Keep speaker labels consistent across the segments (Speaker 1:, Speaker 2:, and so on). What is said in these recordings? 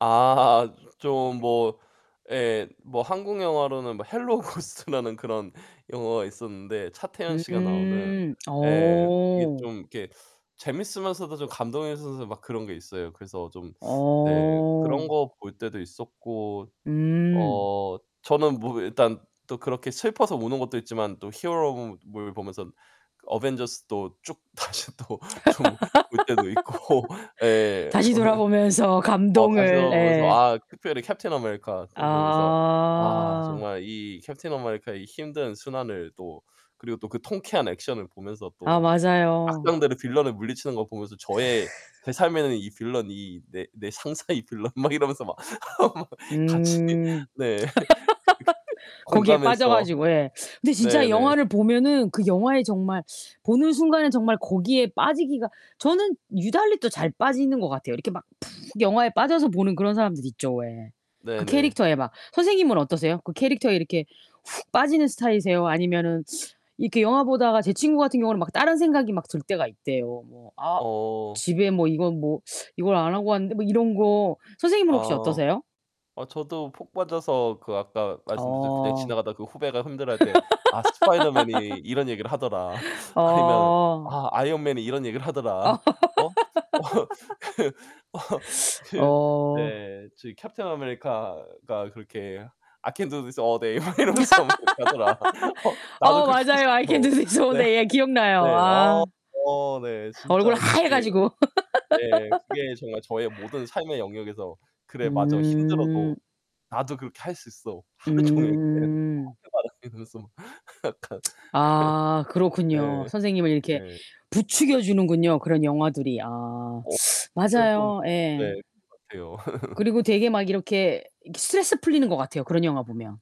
Speaker 1: 아 좀 뭐 예 뭐 한국영화로는 뭐 헬로우 고스트라는 그런 영화가 있었는데 차태현씨가 나오는
Speaker 2: 음
Speaker 1: 예 그게
Speaker 2: 어.
Speaker 1: 좀 이렇게 재밌으면서도 좀 감동이면서 막 그런 게 있어요. 그래서 좀 네 그런
Speaker 2: 어.
Speaker 1: 거 볼 때도 있었고
Speaker 2: 음.
Speaker 1: 어 저는 뭐 일단 또 그렇게 슬퍼서 우는 것도 있지만 또 히어로무 물 보면선 그 어벤져스도 쭉 다시 또 좀 볼 때도 있고 예
Speaker 2: 다시
Speaker 1: 어 이
Speaker 2: 돌아보면서
Speaker 1: 어 다시
Speaker 2: 감동을.
Speaker 1: 돌아 보면서
Speaker 2: 예.
Speaker 1: 아 특별히 캡틴 아메리카 그거 보면서 아
Speaker 2: 아.
Speaker 1: 정말 이 캡틴 아메리카의 힘든 순환을 또 그리고 또 그 통쾌한 액션을 보면서
Speaker 2: 아,
Speaker 1: 또
Speaker 2: 맞아요.
Speaker 1: 악당들을 빌런을 물리치는 걸 보면서 저의 제 삶에는 '이 빌런, 이 내 내 상사 이 빌런.' 막 이러면서 막 같이
Speaker 2: 음.
Speaker 1: 네. 그렇게
Speaker 2: 거기에 빠져
Speaker 1: 공감해서
Speaker 2: 가지고 예. 근데
Speaker 1: 네
Speaker 2: 진짜
Speaker 1: 네.
Speaker 2: 영화를 보면은 그 영화에 정말 보는 순간엔 정말 거기에 빠지기가 저는 유달리 또 잘 빠지는 것 같아요. 이렇게 막 푹 영화에 빠져서 보는 그런 사람들 있죠 왜.
Speaker 1: 네
Speaker 2: 그
Speaker 1: 네.
Speaker 2: 캐릭터에 막 선생님은 어떠세요? 그 캐릭터에 이렇게 훅 빠지는 스타일이세요? 아니면은 이렇게 영화 보다가 제 친구 같은 경우는 막 다른 생각이 막 들 때가 있대요. 뭐 '아
Speaker 1: 어.
Speaker 2: 집에 뭐 이건 뭐 이걸 안 하고 왔는데?' 뭐 이런 거. 선생님은 혹시
Speaker 1: 아.
Speaker 2: 어떠세요?
Speaker 1: 어 저도 폭 빠져서 그 아까 말씀드렸듯 그냥
Speaker 2: 어.
Speaker 1: 지나가다가 그 후배가 힘들어할 때 "아 스파이더맨이 이런 얘기를 하더라." 아니면
Speaker 2: 어.
Speaker 1: "아 아이언맨이 이런 얘기를 하더라." 어 어 그 어 그
Speaker 2: 어.
Speaker 1: 네 저 "캡틴 아메리카가 그렇게' I can do this all day.' 막 이러면서 하더라. 어 나도
Speaker 2: 어
Speaker 1: 그렇게 하고
Speaker 2: 맞아요. I can
Speaker 1: 싶어."
Speaker 2: do this all
Speaker 1: 네.
Speaker 2: day. 예. 기억나요.
Speaker 1: 네
Speaker 2: 아.
Speaker 1: 어 저 네
Speaker 2: 얼굴
Speaker 1: 진짜
Speaker 2: 하얘
Speaker 1: 그게
Speaker 2: 가지고.
Speaker 1: 예 그게 정말 저의 모든 삶의 영역에서 '그래 맞아. 힘들어도
Speaker 2: 음.
Speaker 1: 나도 그렇게 할 수 있어. 하루종일.' 네.
Speaker 2: 음.
Speaker 1: [unintelligible] 그래서. 약간
Speaker 2: 아 그렇군요.
Speaker 1: 예.
Speaker 2: 선생님을 이렇게
Speaker 1: 네.
Speaker 2: 부추겨 주는군요, 그런 영화들이. 아
Speaker 1: 어 제가 좀
Speaker 2: 맞아요 예.
Speaker 1: 네 그런 것 같아요.
Speaker 2: 그리고 되게 막 이렇게 스트레스 풀리는 것 같아요, 그런 영화 보면.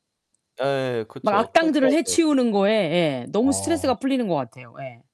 Speaker 1: 예예예
Speaker 2: 막
Speaker 1: 그쵸.
Speaker 2: 악당들을
Speaker 1: 통쾌하죠.
Speaker 2: 해치우는 거에 예 너무 스트레스가
Speaker 1: 어.
Speaker 2: 풀리는 것 같아요 예.